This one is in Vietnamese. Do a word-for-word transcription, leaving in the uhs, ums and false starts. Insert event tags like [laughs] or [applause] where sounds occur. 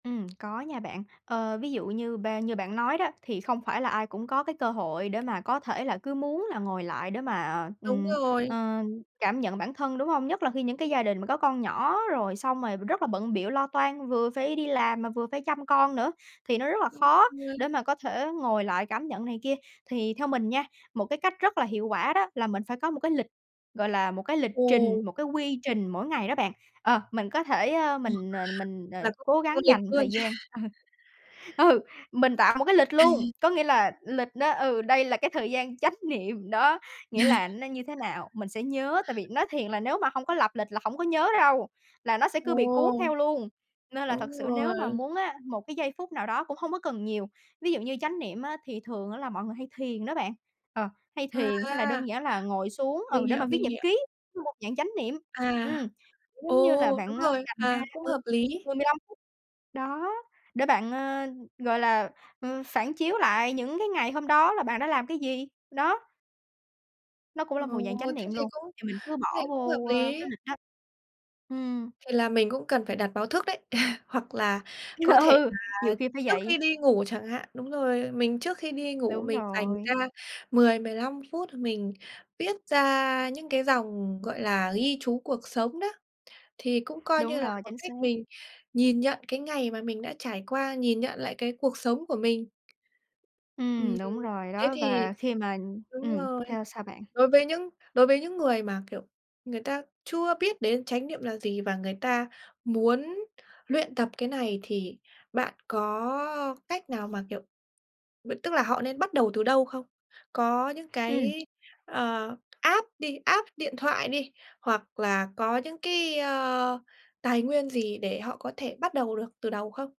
Ừm, có nha bạn. Ờ, ví dụ như ba như bạn nói đó thì không phải là ai cũng có cái cơ hội để mà có thể là cứ muốn là ngồi lại để mà, Đúng ừm, rồi. ờ, cảm nhận bản thân, đúng hông? Nhất là khi những cái gia đình mà có con nhỏ rồi xong rồi rất là bận bịu lo toan, vừa phải đi làm mà vừa phải chăm con nữa thì nó rất là Đúng khó rồi. để mà có thể ngồi lại cảm nhận này kia. Thì theo mình nha, một cái cách rất là hiệu quả đó là mình phải có một cái lịch, gọi là, một cái lịch Ồ. trình, một cái quy trình mỗi ngày đó bạn. Ờ, mình có thể, ơ, Ồ, mình [unintelligible] mình, ờ, Là cũng cố theo gắng lịch dành luôn. thời gian. [laughs] Ờ, ừ, mình tạo một cái lịch luôn, [laughs] có nghĩa là lịch đó, ừ, đây là cái thời gian chánh niệm đó, nghĩa là [laughs] nó như thế nào mình sẽ nhớ, tại vì nói thiền là nếu mà hông có lập lịch là hổng có nhớ đâu, là nó sẽ cứ bị cuốn Ồ. theo luôn. Nên là thực Đúng sự nếu mà rồi. muốn á, một cái giây phút nào đó cũng hông có cần nhiều. Ví dụ như chánh niệm á thì thường á là mọi người hay thiền đó bạn, ờ, hay thiền hay là À. đơn giản là ngồi xuống, ừ, Mình để hiểu, mà viết mình nhật hiểu. ký, một dạng chánh niệm. À, Ừm, giống như ồ, là đúng bạn, a, rồi. dành ra, À, cũng ừ, hợp lý. mười mười lăm phút, đó, để bạn, ờ, gọi là, ờ, phản chiếu lại những cái ngày hôm đó là bạn đã làm cái gì, đó. Nó cũng Ồ, là một dạng chánh thế niệm thì luôn, cũng thì mình cứ thế thì bỏ cũng hợp vô, ơ, cái lý. lịch đó. Ừm. Thì là mình cũng cần phải đặt báo thức đấy, [laughs] hoặc là có thể Ừ, là nhiều khi phải trước khi vậy. đi ngủ chẳng hạn, đúng rồi, mình trước khi đi ngủ Đúng mình dành ra rồi. mười mười lăm phút h mình viết ra những cái dòng, gọi là, ghi chú cuộc sống đó, thì cũng coi Đúng như là rồi, một chính xác. cách mình nhìn nhận cái ngày mà mình đã trải qua, nhìn nhận lại cái cuộc sống của mình. Ừm, Ừm, đúng rồi, thế đó, thì và khi mà đúng ừm, rồi. theo sao bạn? Đối với những đối với những người mà, kiểu, người ta chưa biết đến chánh niệm là gì và người ta muốn luyện tập cái này thì bạn có cách nào mà, kiểu, bận tức là họ nên bắt đầu từ đâu không? Có những Ừm. cái, ờ, app đi, app điện thoại đi, hoặc là có những cái, ơ, tài nguyên gì để họ có thể bắt đầu được từ đầu không?